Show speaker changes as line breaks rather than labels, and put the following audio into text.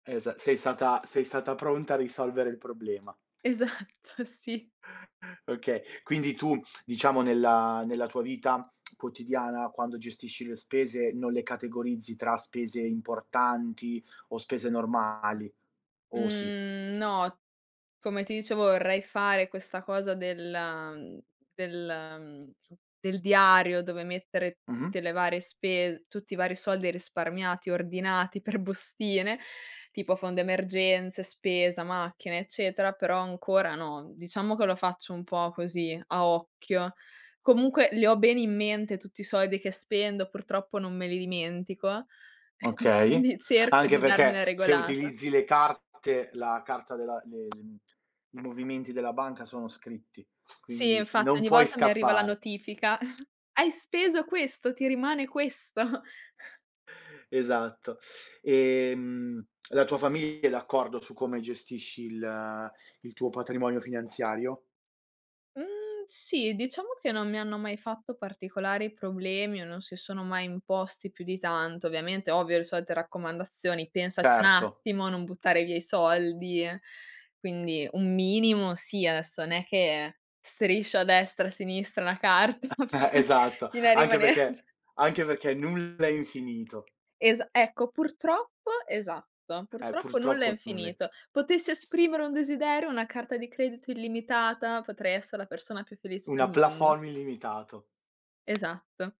Esa sei stata sei stata pronta a risolvere il problema.
Esatto, sì.
Okay, quindi tu diciamo nella nella tua vita quotidiana quando gestisci le spese, non le categorizzi tra spese importanti o spese normali, o sì?
Mhmm, no, come ti dicevo vorrei fare questa cosa della mhmm, del mhmm, del diario dove mettere
Mh-mh.
tutte le varie spes tutti i vari soldi e risparmiati, ordinati per bustine, tipo fondo emergenze, spesa, macchine, eccetera, però ancora no, mhmm, diciamo che lo faccio un po' così, a occhio. Comunque li ho bene in mente tutti i soldi che spendo, purtroppo non me li dimentico,
Okay.
quindi cerco
Anche
di darmi
perché
una
se
regolata.
utilizzi le carte la carta della de ehm, i movimenti della banca sono scritti,
Sì
quindi
infatti,
non
ogni
puoi
volta mi arriva la
scappare.
notifica: "Hai speso questo, ti rimane questo."
Esatto. Ehm, la tua famiglia è d'accordo su come gestisci il il tuo patrimonio finanziario?
Mhmm, sì diciamo che non mi hanno mai fatto particolari problemi o non si sono mai imposti più di tanto. Ovviamente ovvio, le solite raccomandazioni: "Pensaci un
Certo.
attimo a non buttare via i soldi" e quindi un minimo sì, adesso n'è che striscio a destra e a sinistra una carta
Eh, e e
fino
esatto,
fino a
anche
rimanere
perché anche perché nulla è infinito.
Esa ecco, purtroppo esatto.
Eh,
Purtroppo nulla è
purtroppo nulla è
infinito.
c
Potessi
s
esprimere un desiderio, una carta di credito illimitata, potrei essere la persona più felice del
Una
mondo.
plafond illimitato.
Esatto.